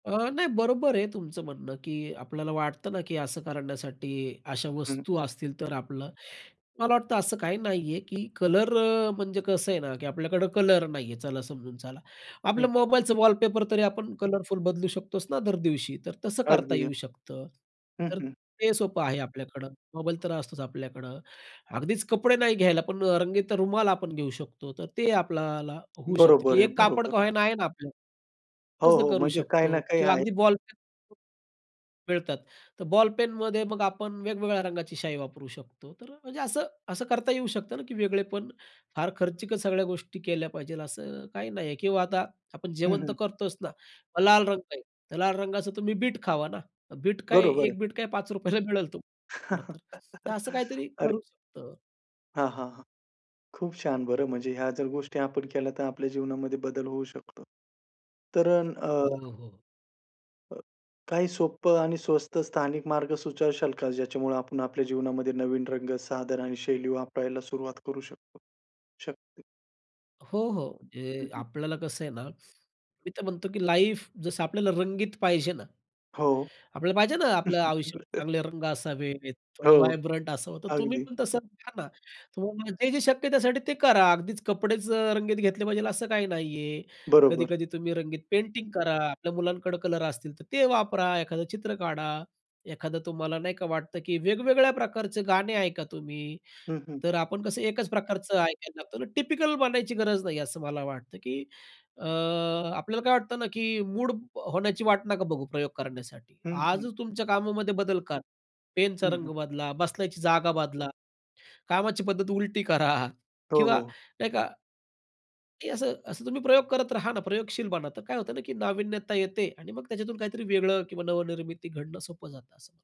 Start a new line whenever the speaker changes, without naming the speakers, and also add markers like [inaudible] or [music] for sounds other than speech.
अ, नाही बरोबर आहे तुमचं म्हणणं की आपल्याला वाटतं ना, की असं करण्यासाठी अशा
हं.
वस्तू असतील, तर आपलं मला वाटतं असं काही नाहीये की कलर अ, म्हणजे कसं आहे ना की आपल्याकडं कलर नाही आहे. चला समजून चला,
हं.
आपलं मोबाईलचं वॉलपेपर तरी आपण कलरफुल बदलू शकतोच ना दरदिवशी, तर तसं करता
अगदी.
येऊ शकतं.
हं,
तर
हं.
ते सोपं आहे आपल्याकडं, मोबाईल तर असतोच आपल्याकडं. अगदीच कपडे नाही घ्यायला पण रंगीत रुमाल आपण घेऊ शकतो, तर ते आपल्याला होऊ शकतं,
बरोबर
की
आहे,
एक कापड
बरोबर
का
आहे.
नाही आहे ना आपल्याकडे,
हो,
तसं
हो.
करू
म्हणजे काही ना
शकतो
काही
किंवा
आहे.
अगदी बॉलपेन. मिळतात. तर बॉलपेनमध्ये मग आपण वेगवेगळ्या रंगाची शाई वापरू शकतो. तर म्हणजे असं, असं करता येऊ शकतं ना की वेगळेपण. फार खर्चीक सगळ्या गोष्टी केल्या पाहिजे, असं काही नाही आहे. किंवा आता आपण
हं,
जेवण तर
हं.
करतोच ना, मग लाल रंग आहे लाल रंगाचं तुम्ही बीट खावा ना. बीट काय,
बरोबर आहे.
1 बीट काय ₹5ला मिळेल तुम्हाला खरं तर. तर असं
[laughs]
काहीतरी
अरे.
करू शकता.
हां, हां. हां. खूप छान, बरं, म्हणजे ह्या जर गोष्टी आपण केल्या, तर आपल्या जीवनामध्ये बदल होऊ शकतो. तर अ
हो, हो.
अ, काही सोपं आणि स्वस्त स्थानिक मार्ग सुचवशाल का? ज्याच्यामुळे आपण आपल्या जीवनामध्ये नवीन रंग, साधन आणि शैली वापरायला सुरुवात करू शकतो शकते.
हो, हो.
हं,
म्हणजे
हं.
आपल्याला कसं आहे ना, मी तर म्हणतो की लाईफ जसं आपल्याला रंगीत पाहिजे ना.
हो.
आपल्याला पाहिजे ना, आपलं आयुष्य,
[laughs]
चांगले रंग असावेत, थोडं
हो.
व्हायब्रंट असावं, तर तुम्ही
अगदी.
पण तसं घ्या ना. तुम्हाला जे जे शक्य त्यासाठी, ते करा. अगदीच कपडेच रंगीत घेतले पाहिजे, असं काही नाहीये.
बरोबर.
कधी-कधी तुम्ही रंगीत पेंटिंग करा. आपल्या मुलांकडे कलर असतील, तर ते वापरा, एखादं चित्र काढा. एखादं तुम्हाला नाही का वाटतं की वेगवेगळ्या प्रकारचे गाणे ऐका तुम्ही.
हं, हं.
तर आपण कसं एकच प्रकारचं ऐकायला लागतो, टिपिकल बनायची गरज नाही, असं मला वाटतं की अ, आपल्याला काय वाटत ना, की मूड होण्याची वाट नका बघू प्रयोग करण्यासाठी.
हं, हं.
आजच तुमच्या कामामध्ये बदल करा. पेनचा
हं,
रंग
हं.
बदला, बसण्याची जागा बदला, कामाची पद्धत उलटी करा,
हो,
किंवा
हो.
नाही का की असं, असं तुम्ही प्रयोग करत राहा ना, प्रयोगशील बना, तर काय होत ना की नाविन्यता येते आणि मग त्याच्यातून काहीतरी वेगळं किंवा नवनिर्मिती घडणं सोपं जातं, असं मला